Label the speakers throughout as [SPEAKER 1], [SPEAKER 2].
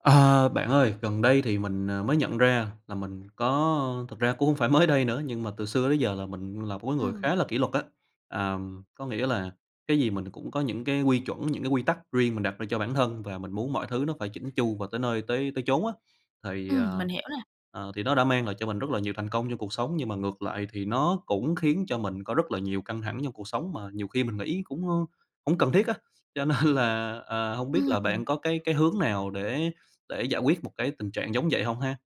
[SPEAKER 1] Ờ, bạn ơi, gần đây thì mình, ờ, mới nhận ra là mình có thực ra cũng hông phải mới đây nữa, nhưng mà từ xưa tới giờ là mình là một cái người
[SPEAKER 2] Ừm.
[SPEAKER 1] khá là kỷ luật á. À, có nghĩa là cái gì mình cũng có những cái quy chuẩn, những cái quy tắc riêng mình đặt ra cho bản thân và mình muốn mọi thứ nó phải chỉn chu và tới nơi tới tới chốn á. Thì, à,
[SPEAKER 2] Ừm, mình hiểu nè.
[SPEAKER 1] ờ, thì nó đã mang lại cho mình rất là nhiều thành công trong cuộc sống, nhưng mà ngược lại thì nó cũng khiến cho mình có rất là nhiều căng thẳng trong cuộc sống mà nhiều khi mình nghĩ cũng, ờ, hổng cần thiết á. Cho nên là, ờ, hông biết là bạn
[SPEAKER 2] Ừm.
[SPEAKER 1] có cái cái hướng nào để để giải quyết một cái tình trạng giống vậy hông ha?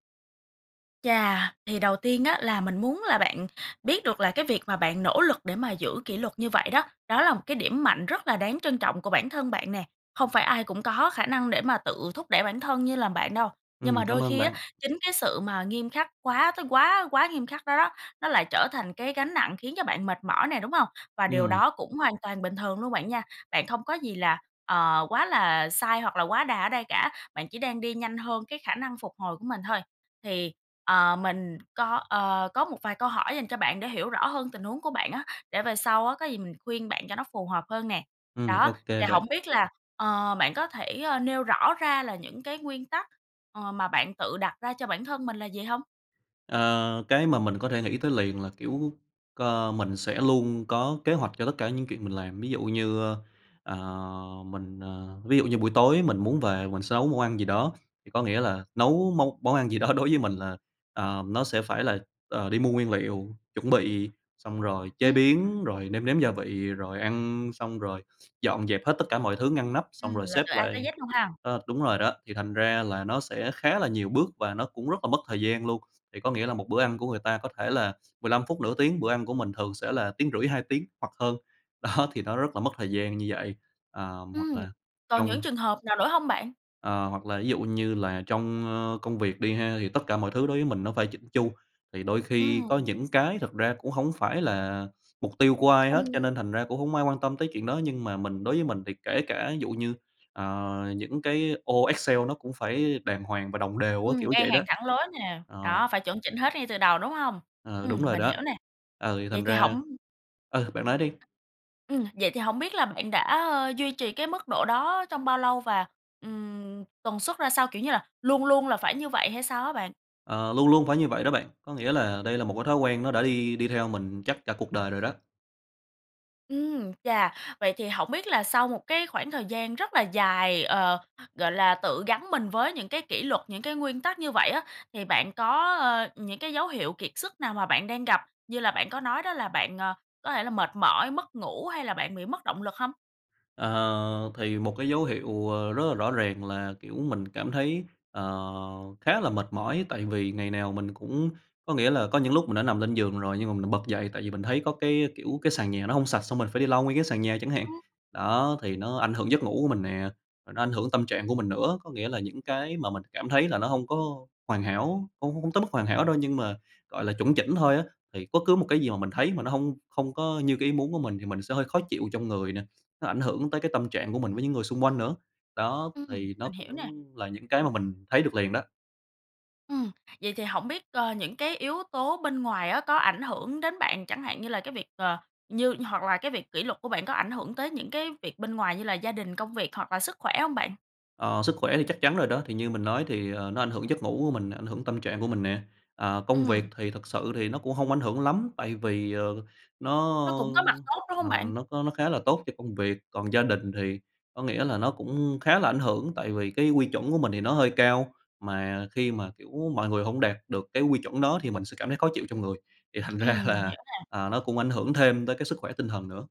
[SPEAKER 2] Chà, thì đầu tiên á là mình muốn là bạn biết được là cái việc mà bạn nỗ lực để mà giữ kỷ luật như vậy đó, đó là một cái điểm mạnh rất là đáng trân trọng của bản thân bạn nè. Không phải ai cũng có khả năng để mà tự thúc đẩy bản thân như là bạn đâu. Nhưng
[SPEAKER 1] Ừm,
[SPEAKER 2] mà
[SPEAKER 1] cảm
[SPEAKER 2] đôi
[SPEAKER 1] ơn
[SPEAKER 2] khi á,
[SPEAKER 1] bạn.
[SPEAKER 2] chính cái sự, mà, nghiêm khắc quá tới quá quá nghiêm khắc đó đó, nó lại trở thành cái gánh nặng khiến cho bạn mệt mỏi nè, đúng hông? Và điều
[SPEAKER 1] Ừm.
[SPEAKER 2] đó cũng hoàn toàn bình thường luôn bạn nha. Bạn không có gì là, ờ, quá là sai hoặc là quá đà ở đây cả, bạn chỉ đang đi nhanh hơn cái khả năng phục hồi của mình thôi. Thì, ờ, mình có, ờ, có một vài câu hỏi dành cho bạn để hiểu rõ hơn tình huống của bạn á, để về sau á có gì mình khuyên bạn cho nó phù hợp hơn nè.
[SPEAKER 1] Ừm,
[SPEAKER 2] Đó,
[SPEAKER 1] ô kê
[SPEAKER 2] thì
[SPEAKER 1] bạn.
[SPEAKER 2] hổng biết là, ờ, bạn có thể, ờ, nêu rõ ra là những cái nguyên tắc, ờ, mà bạn tự đặt ra cho bản thân mình là gì hông?
[SPEAKER 1] Ờ, cái mà mình có thể nghĩ tới liền là, kiểu, ơ, mình sẽ luôn có kế hoạch cho tất cả những chuyện mình làm. Ví dụ như, ơ, ờ, mình ờ, ví dụ như buổi tối mình muốn về mình sẽ nấu món ăn gì đó, thì có nghĩa là nấu món món ăn gì đó đối với mình là ờ, nó sẽ phải là, ờ, đi mua nguyên liệu, chuẩn bị, xong rồi chế
[SPEAKER 2] Ưm
[SPEAKER 1] biến,
[SPEAKER 2] [unintelligible]
[SPEAKER 1] rồi nêm nếm gia vị, rồi ăn xong rồi dọn dẹp hết tất cả mọi thứ ngăn nắp, xong
[SPEAKER 2] Ừm,
[SPEAKER 1] rồi
[SPEAKER 2] là
[SPEAKER 1] xếp
[SPEAKER 2] từ A tới
[SPEAKER 1] lại
[SPEAKER 2] Z luôn ha!
[SPEAKER 1] ơ, đúng rồi đó, thì thành ra là nó sẽ khá là nhiều bước và nó cũng rất là mất thời gian luôn. Thì có nghĩa là một bữa ăn của người ta có thể là 15 phút, nửa tiếng, bữa ăn của mình thường sẽ là 1,5 tiếng, 2 tiếng hoặc hơn. Đó, thì nó rất là mất thời gian như vậy. Ờm hoặc
[SPEAKER 2] Ừm,
[SPEAKER 1] là
[SPEAKER 2] còn những
[SPEAKER 1] trong
[SPEAKER 2] trường hợp nào nữa hông bạn?
[SPEAKER 1] Ờ, hoặc là ví dụ như là trong, ơ, công việc đi ha, thì tất cả mọi thứ đối với mình nó phải chỉn chu. Thì đôi khi
[SPEAKER 2] Ừm.
[SPEAKER 1] có những cái thực ra cũng hổng phải là mục tiêu của ai
[SPEAKER 2] Không
[SPEAKER 1] hết, cho nên thành ra cũng hổng ai quan tâm tới chuyện đó. Nhưng mà mình đối với mình thì kể cả dụ như, à, những cái ô Excel nó cũng phải đàng hoàng và đồng đều á,
[SPEAKER 2] Ừm,
[SPEAKER 1] kiểu
[SPEAKER 2] ngay
[SPEAKER 1] vậy đó.
[SPEAKER 2] hàng thẳng lối nè,
[SPEAKER 1] Ờ.
[SPEAKER 2] đó, phải chuẩn chỉnh hết ngay từ đầu, đúng hông?
[SPEAKER 1] Ờ, đúng
[SPEAKER 2] Ừm,
[SPEAKER 1] rồi
[SPEAKER 2] mình
[SPEAKER 1] đó.
[SPEAKER 2] hiểu nè,
[SPEAKER 1] Ừ, thì
[SPEAKER 2] vậy
[SPEAKER 1] thành
[SPEAKER 2] thì
[SPEAKER 1] ra
[SPEAKER 2] hổng
[SPEAKER 1] ừ, bạn nói đi.
[SPEAKER 2] Ừm, vậy thì hổng biết là bạn đã, ơ, duy trì cái mức độ đó trong bao lâu và, ừm, tần suất ra sao? Kiểu như là, luôn luôn là phải như vậy hay sao hả bạn?
[SPEAKER 1] Ờ, luôn luôn phải như vậy đó bạn. Có nghĩa là đây là một cái thói quen nó đã đi đi theo mình chắc cả cuộc đời rồi đó.
[SPEAKER 2] Ừm, chà, vậy thì hổng biết là sau một cái khoảng thời gian rất là dài, ờ, gọi là, tự gắn mình với những cái kỷ luật, những cái nguyên tắc như vậy á, thì bạn có, ờ, những cái dấu hiệu kiệt sức nào mà bạn đang gặp, như là bạn có nói đó là bạn, ờ, có thể là, mệt mỏi, mất ngủ hay là bạn bị mất động lực hông?
[SPEAKER 1] Ờ, thì một cái dấu hiệu, ờ, rất là rõ ràng là, kiểu, mình cảm thấy, ờ, khá là mệt mỏi, tại vì ngày nào mình cũng, có nghĩa là, có những lúc mình đã nằm lên giường rồi nhưng mà mình lại bật dậy, tại vì mình thấy có, cái kiểu, cái sàn nhà nó hông sạch xong mình phải đi lau nguyên cái sàn nhà chẳng hạn. Đó, thì nó ảnh hưởng giấc ngủ của mình nè, rồi nó ảnh hưởng tâm trạng của mình nữa. Có nghĩa là những cái mà mình cảm thấy là nó hông có hoàn hảo, không không tới mức hoàn hảo đâu, nhưng mà gọi là chuẩn chỉnh thôi á, thì bất cứ một cái gì mà mình thấy mà nó hông, không có như cái ý muốn của mình thì mình sẽ hơi khó chịu trong người nè. Nó ảnh hưởng tới cái tâm trạng của mình với những người xung quanh nữa. Đó,
[SPEAKER 2] Ừm,
[SPEAKER 1] thì nó
[SPEAKER 2] mình
[SPEAKER 1] cũng
[SPEAKER 2] hiểu nè.
[SPEAKER 1] là những cái mà mình thấy được liền đó.
[SPEAKER 2] Ừm, vậy thì hổng biết, ơ, những cái yếu tố bên ngoài á có ảnh hưởng đến bạn, chẳng hạn như là cái việc, ờ, như hoặc là cái việc kỷ luật của bạn có ảnh hưởng tới những cái việc bên ngoài như là gia đình, công việc hoặc là sức khỏe hông bạn?
[SPEAKER 1] Ờ, sức khỏe thì chắc chắn rồi đó, thì như mình nói thì, ờ, nó ảnh hưởng giấc ngủ của mình, ảnh hưởng tâm trạng của mình nè. À, công việc
[SPEAKER 2] Ừm.
[SPEAKER 1] thì thực sự thì nó cũng hông ảnh hưởng lắm tại vì, ờ, nó,
[SPEAKER 2] Nó cũng có mặt tốt, đúng hông
[SPEAKER 1] ờ,
[SPEAKER 2] bạn?
[SPEAKER 1] nó có nó khá là tốt cho công việc. Còn gia đình thì có nghĩa là nó cũng khá là ảnh hưởng tại vì cái quy chuẩn của mình thì nó hơi cao, mà khi mà, kiểu, mọi người hông đạt được cái quy chuẩn đó thì mình sẽ cảm thấy khó chịu trong người, thì thành ra
[SPEAKER 2] Ừm, mình
[SPEAKER 1] là,
[SPEAKER 2] hiểu nè.
[SPEAKER 1] ờ, nó cũng ảnh hưởng thêm tới cái sức khỏe tinh thần nữa.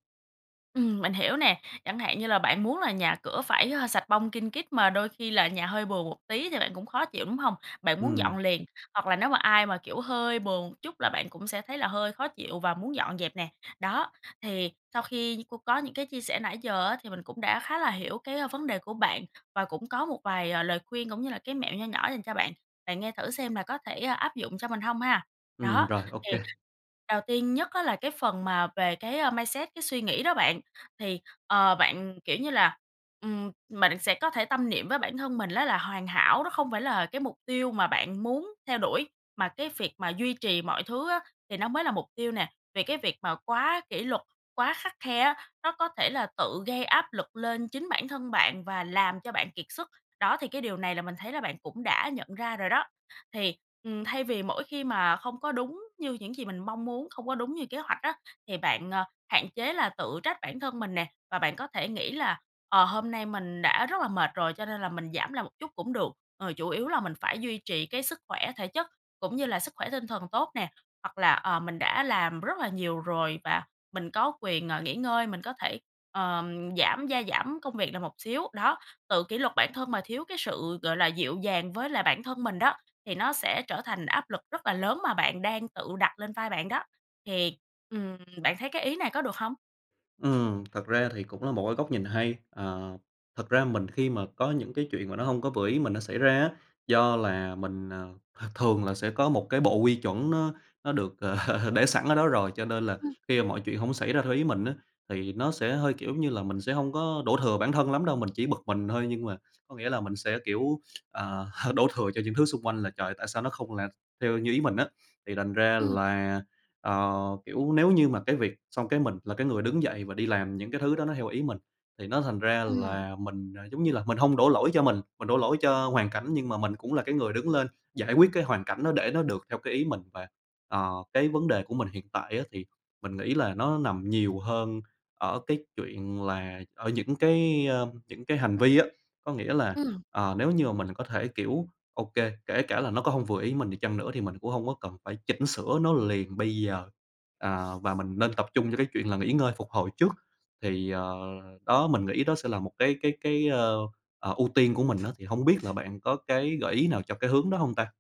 [SPEAKER 2] Ừm, mình hiểu nè. Chẳng hạn như là bạn muốn là nhà cửa phải, ơ, sạch bong kin kít mà đôi khi là nhà hơi bừa một tí thì bạn cũng khó chịu, đúng hông? Bạn muốn dọn
[SPEAKER 1] Ừm.
[SPEAKER 2] liền, hoặc là nếu mà ai mà, kiểu, hơi bừa chút là bạn cũng sẽ thấy là hơi khó chịu và muốn dọn dẹp nè. Đó, thì sau khi như cô có những cái chia sẻ nãy giờ á thì mình cũng đã khá là hiểu cái, ơ, vấn đề của bạn và cũng có một vài, ờ, lời khuyên cũng như là cái mẹo nho nhỏ dành cho bạn, bạn nghe thử xem là có thể áp dụng cho mình hông ha?
[SPEAKER 1] Ừm,
[SPEAKER 2] Đó,
[SPEAKER 1] rồi, ô
[SPEAKER 2] thì
[SPEAKER 1] kê.
[SPEAKER 2] đầu tiên nhất á là cái phần mà về cái, a, mindset, cái suy nghĩ đó bạn, thì, ờ, bạn, kiểu như là, ừm, mình sẽ có thể tâm niệm với bản thân mình á là hoàn hảo nó không phải là cái mục tiêu mà bạn muốn theo đuổi, mà cái việc mà duy trì mọi thứ á thì nó mới là mục tiêu nè, vì cái việc mà quá kỷ luật, quá khắt khe á, nó có thể là tự gây áp lực lên chính bản thân bạn và làm cho bạn kiệt sức. Đó, thì cái điều này là mình thấy là bạn cũng đã nhận ra rồi đó. Thì, ừm, thay vì mỗi khi mà không có đúng như những gì mình mong muốn, không có đúng như kế hoạch á thì bạn, à, hạn chế là tự trách bản thân mình nè và bạn có thể nghĩ là, ờ, hôm nay mình đã rất là mệt rồi cho nên là mình giảm lại một chút cũng được, ờ, chủ yếu là mình phải duy trì cái sức khỏe thể chất cũng như là sức khỏe tinh thần tốt nè, hoặc là, ờ, mình đã làm rất là nhiều rồi và mình có quyền, ờ, nghỉ ngơi, mình có thể, ờm, giảm gia giảm công việc lại một xíu. Đó, tự kỷ luật bản thân mà thiếu cái sự gọi là dịu dàng với lại bản thân mình đó, thì nó sẽ trở thành áp lực rất là lớn mà bạn đang tự đặt lên vai bạn đó. Thì, ừm, bạn thấy cái ý này có được hông?
[SPEAKER 1] Ừm, thật ra thì cũng là một cái góc nhìn hay. À, thật ra mình khi mà có những cái chuyện mà nó hông có vừa ý mình nó xảy ra á, do là mình, ờ, ha, thường là sẽ có một cái bộ quy chuẩn nó nó được, ờ, để sẵn ở đó rồi cho nên là
[SPEAKER 2] Ừm.
[SPEAKER 1] khi mà mọi chuyện hổng xảy ra theo ý mình á, thì nó sẽ hơi, kiểu giống như là, mình sẽ hông có đổ thừa bản thân lắm đâu, mình chỉ bực mình thôi. Nhưng mà có nghĩa là mình sẽ, kiểu, à, đổ thừa cho những thứ xung quanh là "Trời! tại sao nó không là theo như ý mình á?" Thì thành ra
[SPEAKER 2] Ừm.
[SPEAKER 1] là, ờ, kiểu, nếu như mà cái việc xong cái mình là cái người đứng dậy và đi làm những cái thứ đó nó theo ý mình thì nó thành ra
[SPEAKER 2] Ừm.
[SPEAKER 1] là mình, à, giống như là mình hông đổ lỗi cho mình, mình đổ lỗi cho hoàn cảnh nhưng mà mình cũng là cái người đứng lên giải quyết cái hoàn cảnh đó để nó được theo cái ý mình. Và, ờ, cái vấn đề của mình hiện tại á thì mình nghĩ là nó nằm nhiều hơn ở cái chuyện là ở những cái, ờm, những cái hành vi á. Có nghĩa là,
[SPEAKER 2] Ừm.
[SPEAKER 1] ờ, nếu như mà mình có thể, kiểu, ô kê, kể cả là nó có hông vừa ý mình đi chăng nữa thì mình cũng hông có cần phải chỉnh sửa nó liền bây giờ, à, và mình nên tập trung cho cái chuyện là nghỉ ngơi phục hồi trước. Thì, ờ, đó mình nghĩ đó sẽ là một cái cái cái, a, ờ, ưu tiên của mình á. Thì hông biết là bạn có cái gợi ý nào cho cái hướng đó hông ta?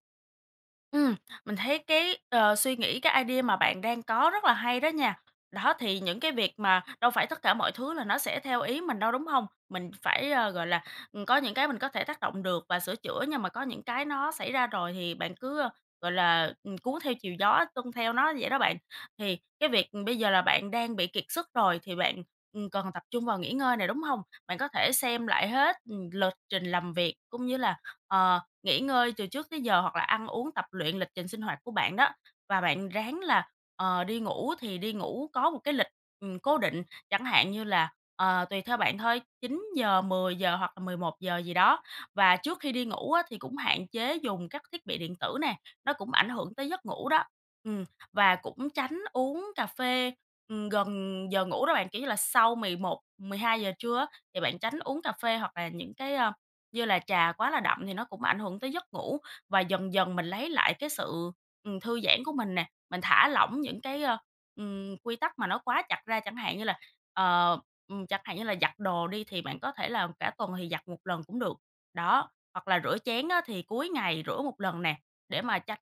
[SPEAKER 2] Ừm, mình thấy cái, ờ, suy nghĩ, cái idea mà bạn đang có rất là hay đó nha. Đó, thì những cái việc mà đâu phải tất cả mọi thứ là nó sẽ theo ý mình đâu, đúng hông? Mình phải, a, gọi là, ừm, có những cái mình có thể tác động được và sửa chữa, nhưng mà có những cái nó xảy ra rồi thì bạn cứ, a, gọi là, ừm, cuốn theo chiều gió, tuân theo nó vậy đó bạn. Thì cái việc, ừm, bây giờ là bạn đang bị kiệt sức rồi thì bạn, ừm, cần tập trung vào nghỉ ngơi nè, đúng hông? Bạn có thể xem lại hết, ừm, lịch trình làm việc cũng như là, ờ, nghỉ ngơi từ trước tới giờ hoặc là ăn uống tập luyện lịch trình sinh hoạt của bạn đó, và bạn ráng là, ờ, đi ngủ thì đi ngủ có một cái lịch, ừm, cố định chẳng hạn như là, ờ, tùy theo bạn thôi, 9:00, 10:00 hoặc là 11:00 gì đó. Và trước khi đi ngủ á, thì cũng hạn chế dùng các thiết bị điện tử nè, nó cũng ảnh hưởng tới giấc ngủ đó, ừm, và cũng tránh uống cà phê, ừm, gần giờ ngủ đó bạn, kiểu như là, sau 11:00, 12:00 trưa á thì bạn tránh uống cà phê hoặc là những cái, ơ, như là trà quá là đậm thì nó cũng ảnh hưởng tới giấc ngủ. Và dần dần mình lấy lại cái sự, ừm, thư giãn của mình nè, mình thả lỏng những cái, ơ, ừm, quy tắc mà nó quá chặt ra, chẳng hạn như là, ờ, ừm, chẳng hạn như là giặt đồ đi thì bạn có thể là cả tuần thì giặt 1 lần cũng được, đó, hoặc là rửa chén á, thì cuối ngày rửa 1 lần nè, để mà tránh,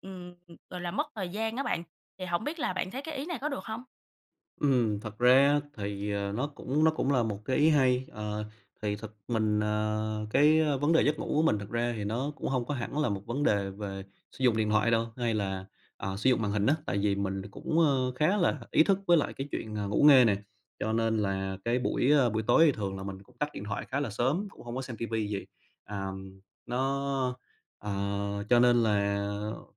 [SPEAKER 2] ừm, gọi là, mất thời gian á bạn. Thì hổng biết là bạn thấy cái ý này có được hông?
[SPEAKER 1] Ừm, thật ra á thì, ờ, nó cũng nó cũng là một cái ý hay. Ờ, thì thật mình à, cái vấn đề giấc ngủ của mình, thật ra thì nó cũng hông có hẳn là một vấn đề về sử dụng điện thoại đâu, hay là, à, sử dụng màn hình á. Tại vì mình cũng, ờ, khá là ý thức với lại cái chuyện, ờ, ngủ nghê nè, cho nên là cái buổi, ờ, buổi tối thì thường là mình cũng tắt điện thoại khá là sớm, cũng hông có xem ti vi gì, à, nó ờ, cho nên là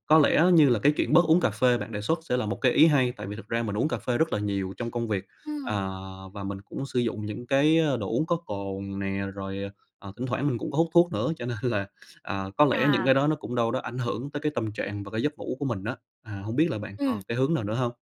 [SPEAKER 1] có lẽ như là cái chuyện bớt uống cà phê bạn đề xuất sẽ là một cái ý hay. Tại vì thực ra mình uống cà phê rất là nhiều trong công việc, à,
[SPEAKER 2] Ừm.
[SPEAKER 1] và mình cũng sử dụng những cái, ờ, đồ uống có cồn nè, rồi, à, à, thỉnh thoảng mình cũng có hút thuốc nữa. Cho nên là, à, có lẽ những
[SPEAKER 2] À.
[SPEAKER 1] cái đó nó cũng đâu đó ảnh hưởng tới cái tâm trạng và cái giấc ngủ của mình á. À, hông biết là bạn
[SPEAKER 2] Ừm.
[SPEAKER 1] còn cái hướng nào nữa hông?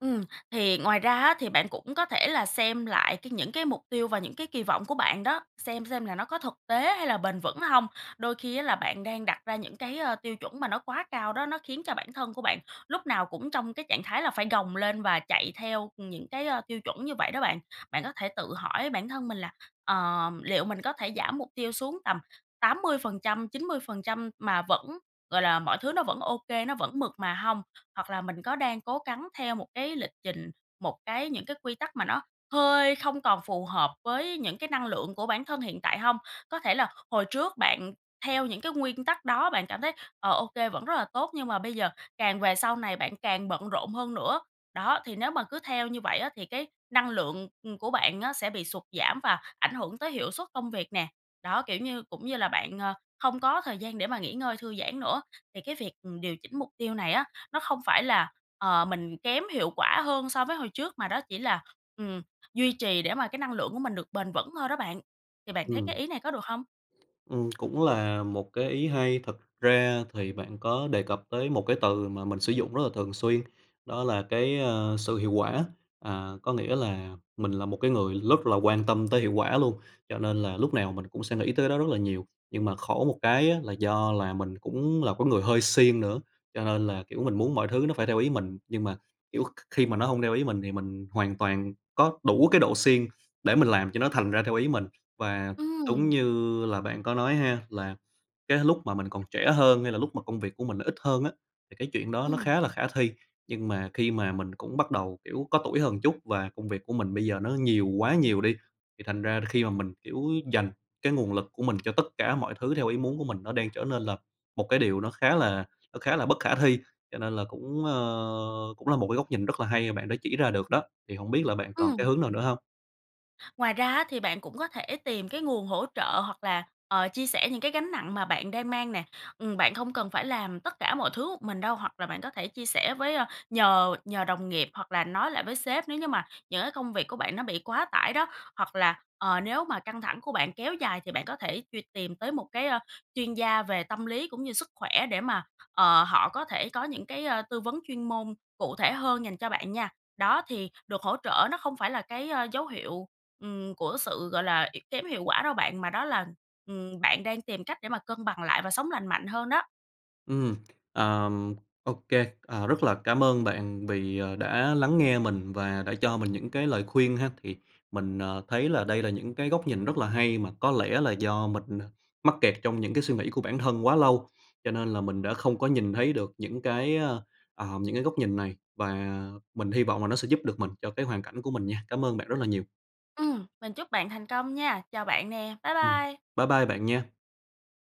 [SPEAKER 2] Ừm, thì ngoài ra á thì bạn cũng có thể là xem lại cái những cái mục tiêu và những cái kỳ vọng của bạn đó, xem xem là nó có thực tế hay là bền vững hông. Đôi khi á là bạn đang đặt ra những cái, ờ, tiêu chuẩn mà nó quá cao đó, nó khiến cho bản thân của bạn lúc nào cũng trong cái trạng thái là phải gồng lên và chạy theo những cái, ờ, tiêu chuẩn như vậy đó bạn. Bạn có thể tự hỏi bản thân mình là "Ờm, liệu mình có thể giảm mục tiêu xuống tầm 80%, 90% mà vẫn gọi là, mọi thứ nó vẫn ô kê, nó vẫn mượt mà hông?", hoặc là "Mình có đang cố gắng theo một cái lịch trình, một cái những cái quy tắc mà nó hơi không còn phù hợp với những cái năng lượng của bản thân hiện tại hông?" Có thể là h hồi trước bạn theo những cái nguyên tắc đó bạn cảm thấy, ờ, ô kê, vẫn rất là tốt, nhưng mà bây giờ, càng về sau này bạn càng bận rộn hơn nữa. Đó, thì nếu mà cứ theo như vậy á thì cái năng lượng, ừm, của bạn á sẽ bị sụt giảm và ảnh hưởng tới hiệu suất công việc nè, đó, kiểu như, cũng như là bạn, ờ, không có thời gian để mà nghỉ ngơi, thư giãn nữa. Thì cái việc, ừm, điều chỉnh mục tiêu này á, nó không phải là, ờ, mình kém hiệu quả hơn so với hồi trước, mà đó chỉ là, ừm, duy trì để mà cái năng lượng của mình được bền vững thôi đó bạn. Thì bạn thấy cái
[SPEAKER 1] Ừm.
[SPEAKER 2] ý này có được hông?
[SPEAKER 1] Ừm, cũng là một cái ý hay. Thực ra thì bạn có đề cập tới một cái từ mà mình sử dụng rất là thường xuyên, đó là cái, ờ, "sự hiệu quả". À, có nghĩa là mình là một cái người rất là quan tâm tới hiệu quả luôn, cho nên là lúc nào mình cũng sẽ nghĩ tới cái đó rất là nhiều. Nhưng mà khổ một cái á là do là mình cũng là cái người hơi siêng nữa, cho nên là, kiểu, mình muốn mọi thứ nó phải theo ý mình, nhưng mà, kiểu, kh khi mà nó hông theo ý mình thì mình hoàn toàn có đủ cái độ siêng để mình làm cho nó thành ra theo ý mình. Và đúng
[SPEAKER 2] Ừm.
[SPEAKER 1] như là bạn có nói ha, là cái lúc mà mình còn trẻ hơn, hay là lúc mà công việc của mình nó ít hơn á, thì cái chuyện đó nó
[SPEAKER 2] Ừm.
[SPEAKER 1] khá là khả thi. Nhưng mà khi mà mình cũng bắt đầu, kiểu, có tuổi hơn một chút, và công việc của mình bây giờ nó nhiều quá nhiều đi, thì thành ra là khi mà mình, kiểu, dành cái nguồn lực của mình cho tất cả mọi thứ theo ý muốn của mình, nó đang trở nên là một cái điều nó khá là nó khá là bất khả thi. Cho nên là cũng, ờ, cũng là một cái góc nhìn rất là hay mà bạn đã chỉ ra được đó, thì hổng biết là bạn còn cái
[SPEAKER 2] Ừm.
[SPEAKER 1] hướng nào nữa hông?
[SPEAKER 2] Ngoài ra á thì bạn cũng có thể tìm cái nguồn hỗ trợ hoặc là, ờ, chia sẻ những cái gánh nặng mà bạn đang mang nè. Ừm, bạn không cần phải làm tất cả mọi thứ một mình đâu, hoặc là bạn có thể chia sẻ với ờ, nhờ nhờ đồng nghiệp hoặc là nói lại với sếp, nếu như mà những cái công việc của bạn nó bị quá tải đó. Hoặc là, ờ, nếu mà căng thẳng của bạn kéo dài thì bạn có thể truy tìm tới một cái, ờ, chuyên gia về tâm lý cũng như sức khỏe để mà, ờ, họ có thể có những cái, ờ, tư vấn chuyên môn cụ thể hơn dành cho bạn nha. Đó, thì được hỗ trợ nó không phải là cái, ờ, dấu hiệu, ừm, của sự, gọi là, y kém hiệu quả đâu bạn, mà đó là, ừm, bạn đang tìm cách để mà cân bằng lại và sống lành mạnh hơn đó.
[SPEAKER 1] Ừm, ờm, ô kê. À, rất là cảm ơn bạn vì, ờ, đã lắng nghe mình và đã cho mình những cái lời khuyên ha. Thì mình, à, thấy là đây là những cái góc nhìn rất là hay mà có lẽ là do mình, à, mắc kẹt trong những cái suy nghĩ của bản thân quá lâu, cho nên là mình đã không có nhìn thấy được những cái, à, à, những cái góc nhìn này. Và mình hy vọng là nó sẽ giúp được mình cho cái hoàn cảnh của mình nha. Cảm ơn bạn rất là nhiều!
[SPEAKER 2] Ừm, mình chúc bạn thành công nha! Chào bạn nè, bye
[SPEAKER 1] Ừm.
[SPEAKER 2] bye!
[SPEAKER 1] Bye bye bạn nha!